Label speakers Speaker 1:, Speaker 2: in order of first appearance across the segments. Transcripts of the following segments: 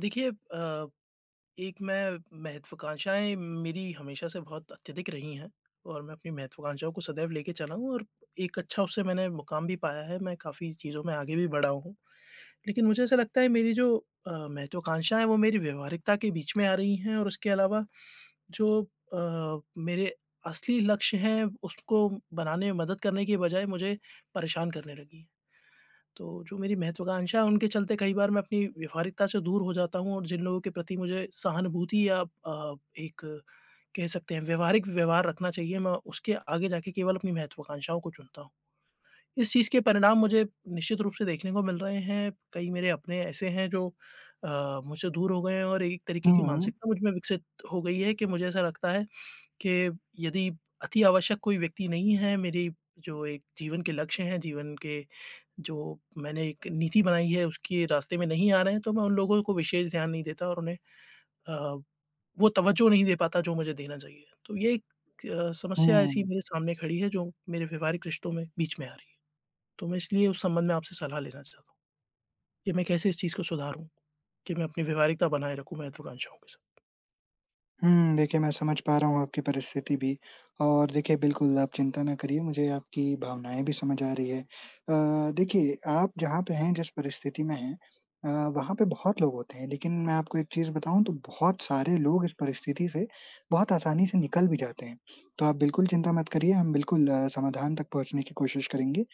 Speaker 1: देखिए अ, एक मैं महत्वाकांक्षाएँ मेरी हमेशा से बहुत अत्यधिक रही हैं और मैं अपनी महत्वाकांक्षाओं को सदैव ले चला हूँ और एक अच्छा उससे मैंने मुकाम भी पाया है, मैं काफ़ी चीज़ों में आगे भी बढ़ा हूँ। लेकिन मुझे ऐसा लगता है मेरी जो अ, महत्वाकांक्षाएँ हैं वो मेरी व्यवहारिकता के बीच में आ रही हैं और उसके अलावा जो अ, मेरे असली लक्ष्य हैं, उसको बनाने में मदद करने की बजाय मुझे परेशान करने लगी हैं। तो जो मेरी महत्वाकांक्षा हैं उनके चलते कई बार मैं अपनी व्यवहारिकता से दूर हो जाता हूँ और जिन लोगों के प्रति मुझे सहानुभूति या अ, एक कह सकते हैं व्यावहारिक व्यवहार रखना चाहिए, मैं उसके आगे जाके केवल अपनी महत्वाकांक्षाओं को चुनता हूँ। इस चीज़ के परिणाम मुझे निश्चित रूप से देखने को मिल रहे हैं, कई मेरे अपने ऐसे हैं जो अ, मुझसे दूर हो गए हैं और एक तरीके की
Speaker 2: हुँ।
Speaker 1: मानसिकता मुझमें विकसित हो गई है कि मुझे ऐसा लगता है, कि यदि अति आवश्यक कोई व्यक्ति नहीं है, मेरी जो एक जीवन के लक्ष्य हैं, जीवन के जो मैंने एक नीति बनाई है उसके रास्ते में नहीं आ रहे हैं, तो मैं उन लोगों को विशेष ध्यान नहीं देता और उन्हें अ, वो तवज्जो नहीं दे पाता जो मुझे देना चाहिए। तो ये एक अ, समस्या ऐसी
Speaker 2: हुँ।
Speaker 1: मेरे सामने खड़ी है जो मेरे व्यवहारिक रिश्तों में बीच में आ रही है, तो मैं इसलिए उस संबंध में आपसे सलाह लेना चाहता कि मैं कैसे इस चीज़ को सुधारूँ? कि मैं अपनी व्यवहारिकता बनाए रखूँ महत्वाकांक्षाओं के साथ।
Speaker 2: हुँ, देखिए मैं समझ पा रहा हूँ आपकी परिस्थिति भी और देखिए बिल्कुल आप चिंता ना करिए, मुझे आपकी भावनाएँ भी समझ आ रही है अ, देखिए आप जहाँ पे हैं, जिस परिस्थिति में हैं अ, वहाँ पे बहुत लोग होते हैं। लेकिन मैं आपको एक चीज़ बताऊँ तो बहुत सारे लोग इस परिस्थिति से बहुत आसानी से निकल भी जाते हैं। तो आप बिल्कुल चिंता मत करिए, हम बिल्कुल समाधान तक पहुँचने की कोशिश करेंगे,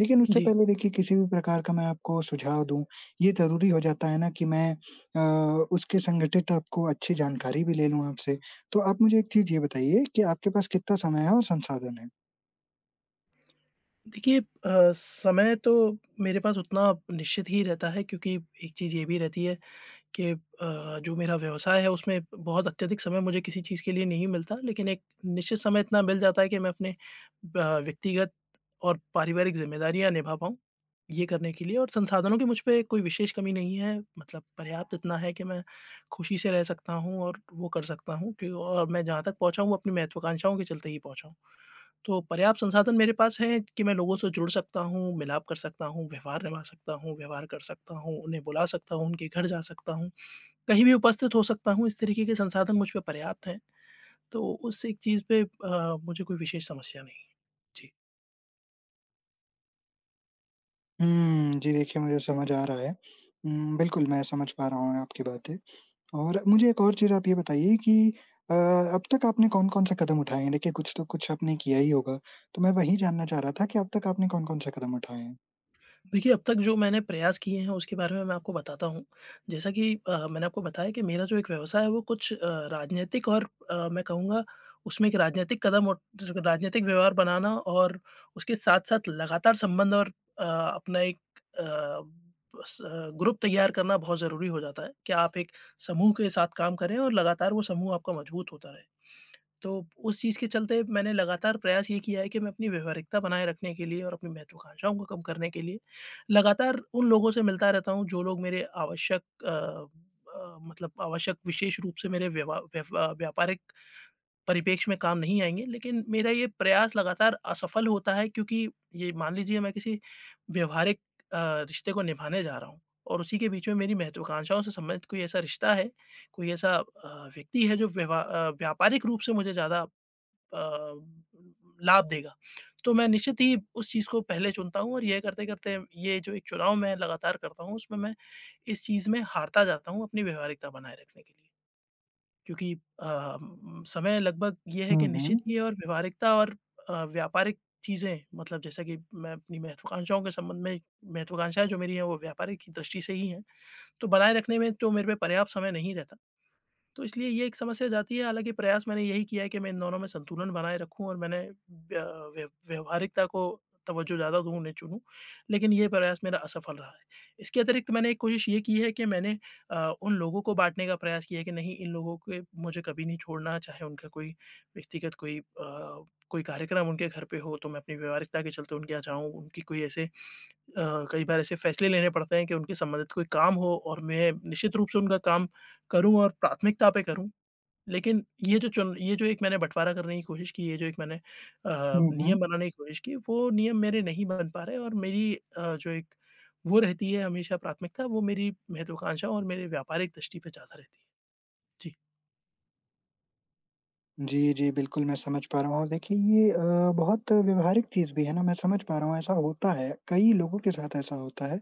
Speaker 2: लेकिन उससे
Speaker 1: जी।
Speaker 2: पहले देखिए किसी भी प्रकार का मैं आपको सुझाव दूँ, ये ज़रूरी हो जाता है ना कि मैं अ, उसके संघटित आपको अच्छी जानकारी भी ले लूँ आपसे, तो आप मुझे एक चीज़ ये बताइए कि आपके पास कितना समय है और संसाधन है?
Speaker 1: देखिए अ, समय तो मेरे पास उतना निश्चित ही रहता है क्योंकि एक चीज़ ये भी रहती है कि अ, जो मेरा व्यवसाय है उसमें बहुत अत्यधिक समय मुझे किसी चीज़ के लिए नहीं मिलता। लेकिन एक निश्चित समय इतना मिल जाता है कि मैं अपने अ, व्यक्तिगत और पारिवारिक ज़िम्मेदारियाँ निभा पाऊँ, ये करने के लिए और संसाधनों की मुझ पे कोई विशेष कमी नहीं है, मतलब पर्याप्त इतना है कि मैं खुशी से रह सकता हूँ, और वो कर सकता हूँ, क्यू अ, और मैं जहाँ तक पहुँचा हूँ अपनी महत्वाकांक्षाओं के चलते ही पहुँचा हूँ। तो पर्याप्त संसाधन मेरे पास हैं कि मैं लोगों से जुड़ सकता हूँ, मिलाप कर सकता हूँ, व्यवहार निभा सकता हूँ, व्यवहार कर सकता हूँ, उन्हें बुला सकता हूँ, उनके घर जा सकता हूँ, कहीं भी उपस्थित हो सकता हूँ। इस तरीके के संसाधन मुझ पे पर्याप्त हैं तो उस एक चीज़ पे अ, मुझे कोई विशेष समस्या नहीं है। जी।
Speaker 2: हुँ, जी देखिए मुझे समझ आ रहा है हुँ, बिल्कुल मैं समझ पा रहा हूँ आपकी बातें। और मुझे एक और चीज़ आप ये बताइए कि अ, अब तक आपने कौन-कौन से कदम उठाएँ हैं? देखिए कुछ तो कुछ आपने किया ही होगा, तो मैं वही जानना चाह रहा था कि अब तक आपने कौन-कौन से कदम उठाएँ हैं?
Speaker 1: देखिए, अब तक जो मैंने प्रयास किए हैं उसके बारे में मैं आपको बताता हूँ, जैसा कि अ, मैंने आपको बताया कि मेरा जो एक व्यवसाय है वो कुछ अ, राजनीतिक और अ, मैं कहूँगा उसमें एक राजनीतिक कदम और टर राजनैतिक व्यवहार बनाना और उसके साथ-साथ लगातार संबंध और अ, अपना एक अ, स ग्रुप तैयार करना बहुत ज़रूरी हो जाता है, कि आप एक समूह के साथ काम करें और लगातार वो समूह आपका मजबूत होता रहे। तो, उस चीज़ के चलते मैंने लगातार प्रयास ये किया है कि मैं अपनी व्यावहारिकता बनाए रखने के लिए और अपनी महत्त्वाकांक्षाओं को कम करने के लिए, लगातार उन लोगों से मिलता रहता हूँ जो लोग मेरे आवश्यक अ अ, मतलब आवश्यक विशेष रूप से मेरे व्यवा व्यवा व्यापारिक परिप्रेक्ष्य में काम नहीं आएँगे। लेकिन मेरा ये प्रयास लगातार असफल होता है क्योंकि ये मान लीजिए मैं किसी व्यवहारिक अ, रिश्ते को निभाने जा रहा हूँ, और उसी के बीच में मेरी महत्त्वाकांक्षाओं से संबंधित कोई ऐसा रिश्ता है, कोई ऐसा अ, व्यक्ति है जो व्यवा अ, व्यापारिक रूप से मुझे ज़्यादा अ, लाभ देगा। तो मैं निश्चित ही उस चीज़ को पहले चुनता हूँ और ये करते-करते ये जो एक चुनाव मैं लगातार करता हूँ, उसमें मैं इस चीज़ में हारता जाता हूँ अपनी व्यावहारिकता बनाए रखने के लिए। क्योंकि अ, समय लगभग ये है
Speaker 2: हुँ,
Speaker 1: कि निश्चित
Speaker 2: हुँ।
Speaker 1: ही और व्यावहारिकता और अ, व्यापारिक चीज़ें मतलब जैसा कि मैं अपनी महत्त्वाकांक्षाओं के संबंध में महत्वाकांक्षाएँ जो मेरी हैं वो व्यापारिक क दृष्टि से ही हैं, तो बनाए रखने में तो मेरे पे पर्याप्त समय नहीं रहता। तो इसलिए ये एक समस्या जाती है, हालाँकि प्रयास मैंने यही किया है कि मैं इन दोनों में संतुलन बनाए रखूँ और मैंने अ, व्यव व्यावहारिकता को तवज्जो ज़्यादा दूँ, उन्हें चुनूँ, लेकिन ये प्रयास मेरा असफल रहा है। इसके अतिरिक्त मैंने एक कोशिश ये की है कि मैंने अ, उन लोगों को बाँटने का प्रयास किया है कि नहीं इन लोगों पे मुझे कभी नहीं छोड़ना, चाहे उनका कोई व्यक्तिगत कोई अ, कोई कार्यक्रम उनके घर पे हो तो मैं अपनी व्यावहारिकता के चलते उनके यहाँ जाऊँ, उनकी कोई ऐसे अ, कई बार ऐसे फैसले लेने पड़ते हैं कि उनके संबंधित कोई काम हो और मैं निश्चित रूप से उनका काम करूँ और प्राथमिकता पे करूँ। लेकिन ये जो चन ये जो एक मैंने बँटवारा करने की कोशिश की है, ये जो एक मैंने अ,
Speaker 2: हुँ, हुँ।
Speaker 1: नियम बनाने की कोशिश की, वो नियम मेरे नहीं बन पा रहे और मेरी अ, जो एक वो रहती है हमेशा प्राथमिकता, वो मेरी महत्वाकांक्षा और मेरी व्यापारिक दृष्टि पे ज़्यादा रहती है। जी।
Speaker 2: जी, जी, बिल्कुल मैं समझ पा रहा हूँ और देखिए ये अ, बहुत व्यावहारिक चीज़ भी है ना, मैं समझ पा रहा हूँ ऐसा होता है, कई लोगों के साथ ऐसा होता है।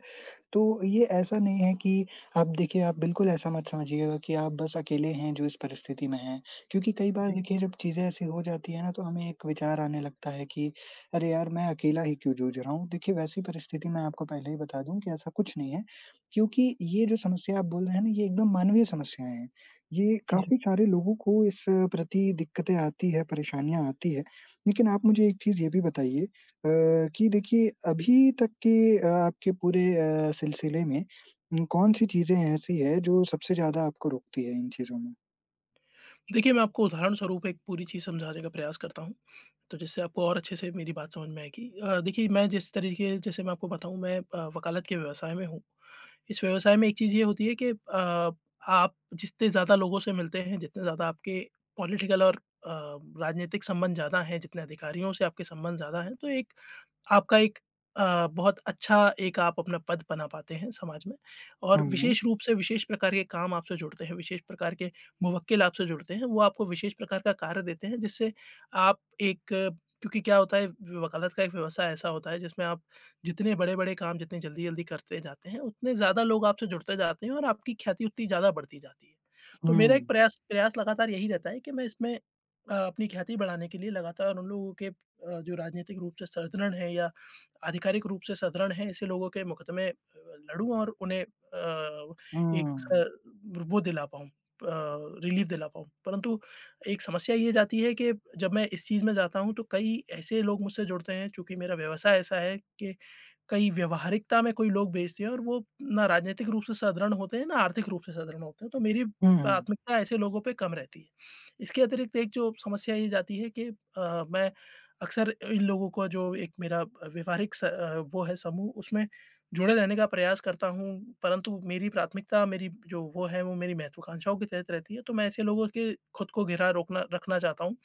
Speaker 2: तो ये ऐसा नहीं है कि आप देखिए, आप बिल्कुल ऐसा मत समझिएगा कि आप बस अकेले हैं जो इस परिस्थिति में हैं। क्योंकि कई बार
Speaker 1: जी।
Speaker 2: देखिए जब चीज़ें ऐसी हो जाती हैं ना, तो हमें एक विचार आने लगता है कि अरे यार, मैं अकेला ही क्यों जूझ रहा हूँ। देखिए वैसी परिस्थिति मैं आपको पहले ही बता दूँ कि ऐसा कुछ नहीं है, क्योंकि ये जो समस्या आप बोल रहे हैं ना ये एकदम मानवीय समस्याएँ हैं, ये
Speaker 1: जी।
Speaker 2: काफ़ी सारे लोगों को इस प्रति दिक्कतें आती है, परेशानियाँ आती है। लेकिन आप मुझे एक चीज़ ये भी बताइए अ, कि देखिए अभी तक के अ, आपके पूरे अ, सिलसिले में कौन-सी चीज़ें ऐसी है जो सबसे ज़्यादा आपको रोकती है इन चीज़ों में?
Speaker 1: देखिए, मैं आपको उदाहरण स्वरूप एक पूरी चीज़ समझाने का प्रयास करता हूँ, तो जिससे आपको और अच्छे से मेरी बात समझ में आएगी। अ, देखिए, मैं जिस तरीक़े जैसे मैं आपको बताऊँ, मैं अ, वकालत के व्यवसाय में हूँ, इस व्यवसाय में एक चीज़ ये होती है कि अ, आप जितने ज़्यादा लोगों से मिलते हैं, जितने ज़्यादा आपके पॉलिटिकल और अ, राजनीतिक संबंध ज़्यादा हैं, जितने अधिकारियों से आपके संबंध ज़्यादा हैं तो एक, आपका एक अ, बहुत अच्छा एक आप अपना पद बना पाते हैं समाज में। और
Speaker 2: हम्म।
Speaker 1: विशेष रूप से विशेष प्रकार के काम आपसे जुड़ते हैं, विशेष प्रकार के मुवक्किल आपसे जुड़ते हैं, वो आपको विशेष प्रकार का कार्य देते हैं जिससे आप एक क्योंकि क्या होता है, वकालत का एक व्यवसाय ऐसा होता है जिसमें आप जितने बड़े-बड़े काम जितने जल्दी-जल्दी करते जाते हैं, उतने ज़्यादा लोग आपसे जुड़ते जाते हैं और आपकी ख्याति उतनी ज़्यादा बढ़ती जाती है। तो मेरा एक
Speaker 2: हुँ।
Speaker 1: प्रयास प्रयास लगातार यही रहता है कि मैं इसमें अ, अपनी ख्याति बढ़ाने के लिए लगातार उन लोगों के अ, जो राजनीतिक रूप से सुदृढ़ हैं या आधिकारिक रूप से सुदृढ़ हैं, ऐसे लोगों के मुकदमे लड़ूँ और उन्हें अ, एक
Speaker 2: हम्म।
Speaker 1: स वो दिला पाऊँ अ, रिलीफ दिला पाऊँ। परंतु एक समस्या ये जाती है कि जब मैं इस चीज़ में जाता हूँ तो कई ऐसे लोग मुझसे जुड़ते हैं चूँकि मेरा व्यवसाय ऐसा है कि कई व्यवहारिकता में कोई लोग बैसे हैं और वो ना राजनीतिक रूप से सुदृढ़ होते हैं, ना आर्थिक रूप से सुदृढ़ होते हैं। तो मेरी
Speaker 2: हुँ।
Speaker 1: प्राथमिकता ऐसे लोगों पे कम रहती है इसके अतिरिक्त एक जो समस्या ये जाती है कि अ, मैं अक्सर इन लोगों को जो एक मेरा व्यवहारिक स वो है समूह उसमें जुड़े रहने का प्रयास करता हूँ। परंतु मेरी प्राथमिकता मेरी जो वो है वो मेरी महत्वाकांक्षाओं के तहत रहती है, तो मैं ऐसे लोगों के ख़ुद को घिरा रोकना रखना चाहता हूँ,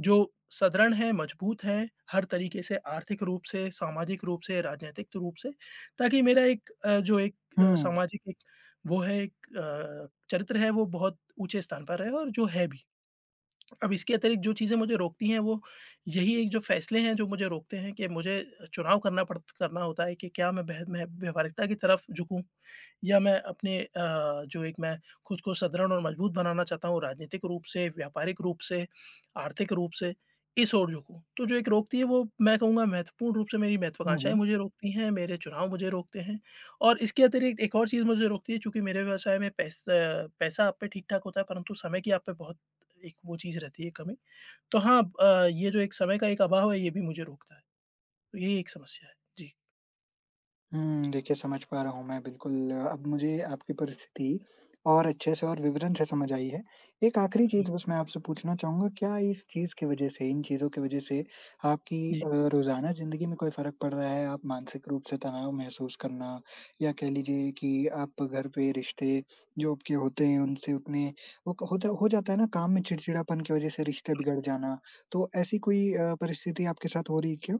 Speaker 1: जो सुदृढ़ हैं, मजबूत हैं हर तरीक़े से आर्थिक रूप से, सामाजिक रूप से, राजनीतिक रूप से ताकि मेरा एक अ, जो एक
Speaker 2: हुँ।
Speaker 1: सामाजिक वो है एक अ, चरित्र है वो बहुत ऊँचे स्थान पर है और जो है भी। अब इसके अतिरिक्त जो चीज़ें मुझे रोकती हैं वो यही एक जो फैसले हैं जो मुझे रोकते हैं, कि मुझे चुनाव पड़ता करना होता है कि क्या मैं वह मै व्यवहारिकता की तरफ झुकूँ या मैं अपने अ, जो एक मैं ख़ुद को सुदृढ़ और मजबूत बनाना चाहता हूँ, राजनीतिक रूप से, व्यापारिक रूप से, आर्थिक रूप से इस ओर झुकूँ। तो जो एक रोकती है वो मैं कहूँगा महत्वपूर्ण रूप से मेरी महत्वाकांक्षाएँ
Speaker 2: हुँ।
Speaker 1: मुझे रोकती हैं, मेरे चुनाव मुझे रोकते हैं और इसके अतिरिक्त एक और चीज़ मुझे रोकती है, चूँकि मेरे व्यवसाय में पैसा अ, पैसा आप पे ठीक-ठाक होता है परंतु समय की आप पे बहुत एक वो चीज़ रहती है कमी। तो हाँ अ, ये जो एक समय का एक अभाव है, ये भी मुझे रोकता है। तो यही एक समस्या है जी।
Speaker 2: हुँ, देखिए समझ पा रहा हूँ मैं बिल्कुल, अब मुझे आपकी परिस्थिति और अच्छे से और विवरण से समझ आई है। एक आखिरी
Speaker 1: हुँ।
Speaker 2: चीज़ बस मैं आपसे पूछना चाहूँगा, क्या इस चीज़ के वजह से, इन चीज़ों के वजह से आपकी
Speaker 1: जी।
Speaker 2: अ, रोज़ाना ज़िंदगी में कोई फ़र्क पड़ रहा है? आप मानसिक रूप से तनाव महसूस करना या कह लीजिए कि आप घर पे रिश्ते, जो आपके होते हैं उनसे उतने वो क होता है हो जाता है ना काम में चिड़चिड़ापन के वजह से रिश्ते बिगड़ जाना। तो ऐसी कोई अ, परिस्थिति आपके साथ हो रही है क्या?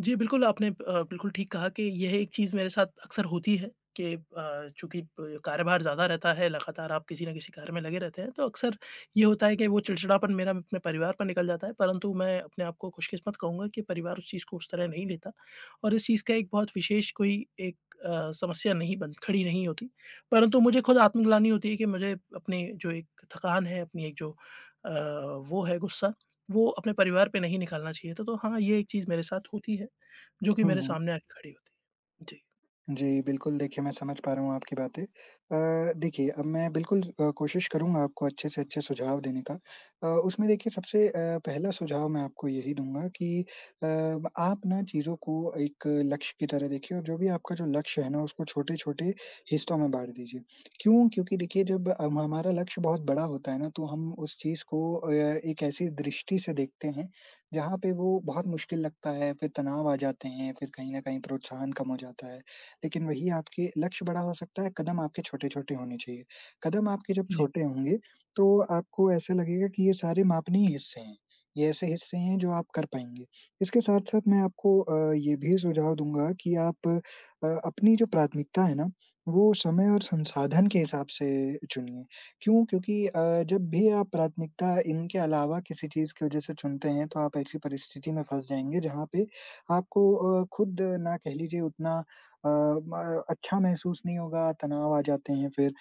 Speaker 1: जी, बिल्कुल आपने अ, बिल्कुल ठीक कहा कि यह एक चीज़ मेरे साथ अक्सर होती है कि अ, चूँकि ब कार्यभार ज़्यादा रहता है, लगातार आप किसी न किसी कार्य में लगे रहते हैं, तो अक्सर ये होता है कि वो चिड़चिड़ापन मेरा अपने परिवार पे निकल जाता है। परंतु मैं अपने आप को खुशकिस्मत कहूँगा कि परिवार उस चीज़ को उस तरह नहीं लेता और इस चीज़ का एक बहुत विशेष कोई एक अ, समस्या नहीं बन खड़ी नहीं होती। परंतु मुझे खुद आत्मग्लानि होती है कि मुझे अपनी जो एक थकान है, अपनी एक जो अ, वो है गुस्सा, वो अपने परिवार पे नहीं निकालना चाहिए था। तो हाँ, ये एक चीज़ मेरे साथ होती है, जो कि
Speaker 2: हुँ,
Speaker 1: मेरे
Speaker 2: हुँ।
Speaker 1: सामने आ के खड़ी होती है। जी।
Speaker 2: जी, बिल्कुल, देखिए मैं समझ पा रहा हूँ आपकी बातें। अ, देखिए अब मैं बिल्कुल अ, कोशिश करूँगा आपको अच्छे से अच्छे सुझाव देने का अ, उसमें देखिए सबसे अ, पहला सुझाव मैं आपको यही दूँगा कि अ, आप ना चीज़ों को एक लक्ष्य की तरह देखिए और जो भी आपका जो लक्ष्य है ना, उसको छोटे-छोटे हिस्सों में बाँट दीजिए। क्यों? क्योंकि देखिए जब अम, हमारा लक्ष्य बहुत बड़ा होता है ना तो हम उस चीज़ को अ, एक ऐसी दृष्टि से देखते हैं, जहाँ पे वो बहुत मुश्किल लगता है, फिर तनाव आ जाते हैं, फिर कहीं न कहीं प्रोत्साहन कम हो जाता है। लेकिन वही आपके लक्ष्य बड़ा हो सकता है, कदम आपके छोटे-छोटे होने चाहिए, कदम आपके जब
Speaker 1: जी।
Speaker 2: छोटे होंगे, तो आपको ऐसे लगेगा कि ये सारे मापनीय हिस्से हैं, ये ऐसे हिस्से हैं जो आप कर पाएँगे। इसके साथ-साथ मैं आपको अ, ये भी सुझाव दूँगा कि आप अ, अपनी जो प्राथमिकता है ना, वो समय और संसाधन के हिसाब से चुनिए, क्यों? क्योंकि अ, जब भी आप प्राथमिकता इनके अलावा किसी चीज़ के वजह से चुनते हैं, तो आप ऐसी परिस्थिति में फँस जाएँगे जहाँ पे आपको अ, खुद ना कह लीजिए उतना अ, म अच्छा महसूस नहीं होगा, तनाव आ जाते हैं फिर।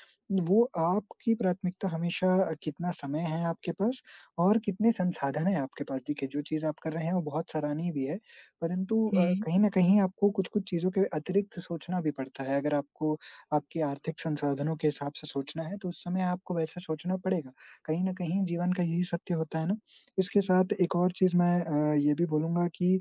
Speaker 2: वो आपकी प्राथमिकता हमेशा अ, कितना समय है आपके पास और कितने संसाधन हैं आपके पास देखिए, जो चीज़ आप कर रहे हैं वो बहुत सराहनीय भी है, परंतु अ,
Speaker 1: हुँ।
Speaker 2: कहीं न कहीं आपको कुछ-कुछ चीज़ों के अतिरिक्त सोचना भी पड़ता है, अगर आपको आपके आर्थिक संसाधनों के हिसाब से सोचना है, तो उस समय आपको वैसा सोचना पड़ेगा। कहीं न कहीं जीवन का यही सत्य होता है ना? इसके साथ एक और चीज़ मैं अ, ये भी बोलूँगा कि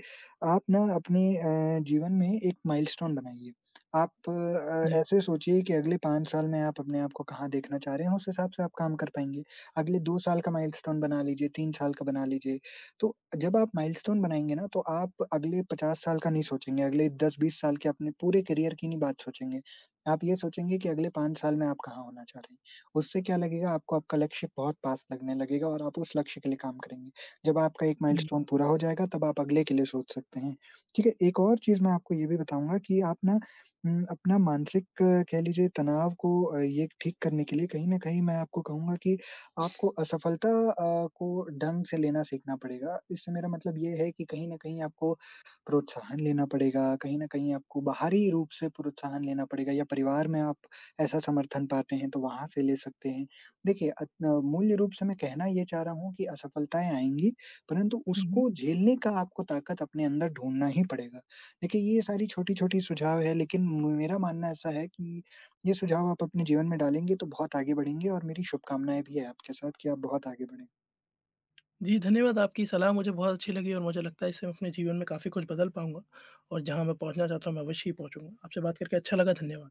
Speaker 2: आप ना अपनी अ, जीवन में एक माइलस्टोन बनाइए, आप अ,
Speaker 1: जी।
Speaker 2: ऐसे सोचिए कि अगले 5 साल में आप अपने आप को कहाँ देखना चाह रहे हैं, उस हिसाब से आप काम कर पाएँगे, अगले 2 साल का माइलस्टोन बना लीजिए, 3 साल का बना लीजिए। तो अ, जब आप माइलस्टोन बनाएँगे ना तो आप अगले 50 साल का नहीं सोचेंगे, अगले 10, 20 साल के अपने पूरे करियर की नहीं बात सोचेंगे। आप ये सोचेंगे कि अगले 5 साल में आप कहाँ होना चाह रहे हैं, उससे क्या लगेगा, आपको आपका लक्ष्य बहुत पास लगने लगेगा और आप उस लक्ष्य के लिए काम करेंगे। जब आपका 1
Speaker 1: जी।
Speaker 2: माइलस्टोन पूरा हो जाएगा, तब आप अगले के लिए सोच सकते हैं, ठीक है? एक और चीज़ मैं आपको ये भी बताऊँगा कि आप ना उम, अपना मानसिक कह लीजिए तनाव को ये एक ठीक करने के लिए कहीं न कहीं मैं आपको कहूँगा कि आपको असफलता अ, को ढंग से लेना सीखना पड़ेगा। इससे मेरा मतलब ये है कि कहीं न कहीं आपको प्रोत्साहन लेना पड़ेगा, कहीं न कहीं आपको बाहरी रूप से प्रोत्साहन लेना पड़ेगा, या परिवार में आप ऐसा समर्थन पाते हैं, तो वहाँ से ले सकते हैं। देखिए, अग अ, मूल्य रूप से मैं कहना ये चाह रहा हूँ कि असफलताएँ आएँगी, परँतु
Speaker 1: हुँ,
Speaker 2: उसको
Speaker 1: हुँ।
Speaker 2: झेलने का आपको ताकत अपने अंदर ढूँढ़ना ही पड़ेगा। देखिए, ये सारी छोटी-छोटी सुझाव है लेकिन म मेरा मानना ऐसा है कि ये सुझाव आप अपने जीवन में डालेंगे, तो बहुत आगे बढ़ेंगे और मेरी शुभकामनाएंँ भी हैं आपके साथ कि आप बहुत आगे बढ़ें।
Speaker 1: जी, धन्यवाद आपकी सलाह मुझे बहुत अच्छी लगी और मुझे लगता है इससे मैं अपने जीवन में काफ़ी कुछ बदल पाऊँगा, और जहाँ मैं पहुँचना चाहता हूँ, मैं अवश्य ही पहुँचूँगा, आपसे बात करके अच्छा लगा। धन्यवाद।